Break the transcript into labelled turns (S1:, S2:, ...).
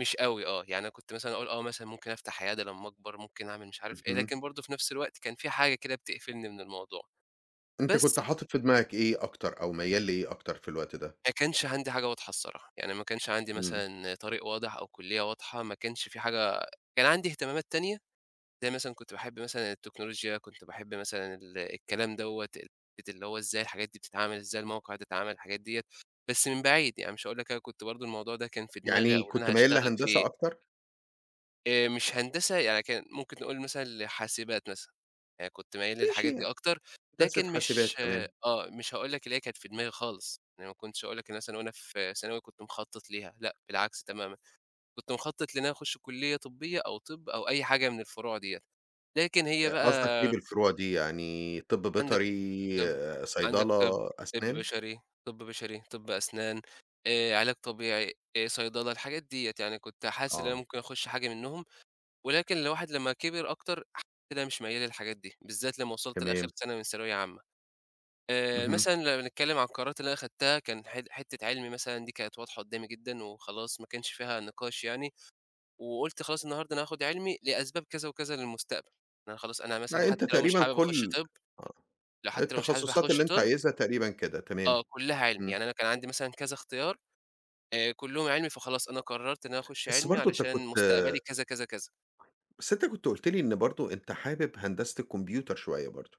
S1: مش أوي آه، يعني أنا كنت مثلًا أقول آه مثلًا ممكن أفتح عيادة لمّا أكبر، ممكن أعمل مش عارف إيه،
S2: اهم.
S1: لكن برضه في نَفْس الوقت كان في حاجة كده بتقفلني من الموضوع.
S2: أنت
S1: بس
S2: كنت حاطط في دماغك إيه أكتر أو ميّال لإيه أكتر في الوقت ده؟
S1: ما كانش عَندي حاجة واضحة الصراحة. يعني ما كانش عَندي
S2: إمم.
S1: مثلًا طريق واضح أو كُلّية واضحة، ما كانش في حاجة كان عَندي إهتمامات تانية، زي مثلًا كنت باحب مثلًا التكنولوجيا، كنت باحب مثلًا ال الكلام دَوّة، ال حتّة اللي هو إزاي الحاجات دي بتتعمل؟ إزاي الموقع ده اتعمل؟ الحاجات ديّة. بس من بعيد، يعني مش هاقول لك أنا كنت برضه الموضوع ده كان في دماغي أو
S2: يعني
S1: اللي
S2: كنت
S1: أنا
S2: ميّال
S1: هاشتغل
S2: لهندسة
S1: فيه.
S2: أكتر؟
S1: آآ مش هندسة، يعني كان ممكن نقول مثلًا لحاسبات مثلًا، يعني كنت ميّال
S2: ماشي
S1: للحاجات
S2: ي
S1: دي أكتر،
S2: هندسة
S1: لكن مش
S2: حاسبات،
S1: آه،
S2: تمام.
S1: مش هاقول لك اللي هي كانت في دماغي خالص. يعني ما كنتش هاقول لك مثلًا وأنا في ثانوي كنت مخطط ليها. لأ، بالعكس تمامًا. كنت مخطط لإن أنا أخش كُلّية طبية أو طِب أو أي حاجة من الفروع دِيَّة. لكن هي
S2: آآ قصدك إيه
S1: بَقى
S2: بالفروع دي يعني طِب
S1: عَندك
S2: بيطري،
S1: طِب، عَندك طِب،
S2: صيدلة،
S1: طِب
S2: أسنان؟
S1: بشري، طِب بشري، طِب أسنان، آآ علاج طبيعي، آآ صيدلة، الحاجات دِيَّة. يعني كنت حاسس إن أنا
S2: آه.
S1: ممكن أخش حاجة منّهم. ولكن الواحد لمّا كِبِر أكتر، ح كده مش ميّال للحاجات دي، بالذات لمّا وصلت لآخر
S2: تمام.
S1: سنة من ثانوية عامة. آآ
S2: اهم.
S1: مثلًا لمّا بنتكلم عن القرارات اللي أنا خدتها، كان حت حتة علمي مثلًا دي كانت واضحة قُدّامي جدًا وخلاص ما كانش فيها نِقاش يعني. وقُلت خلاص النهاردة أنا هاخد علمي لأسباب كذا وكذا للمستقبل. إن أنا خلاص أنا مثلًا
S2: لأ
S1: حتّى
S2: أنت
S1: لو مش
S2: تقريبًا
S1: حابب أخش
S2: كُل
S1: طِب،
S2: آه،
S1: لو حتّى لو مش حابب
S2: التخصصات
S1: أخش
S2: اللي أنت
S1: طِب
S2: عايزها تقريبًا كده. تمام.
S1: آه، كلّها علمي،
S2: إمم.
S1: يعني أنا كان عَندي مثلًا كذا اختيار، آآ كلّهم علمي، فخلاص أنا قررت إن أنا أخش
S2: بس
S1: علمي
S2: برضه أنت
S1: علشان
S2: كنت
S1: مستقبلي كذا، كذا، كذا.
S2: بس أنت كنت قُلت لي إن برضه أنت حابب هندسة الكومبيوتر شوية برضه.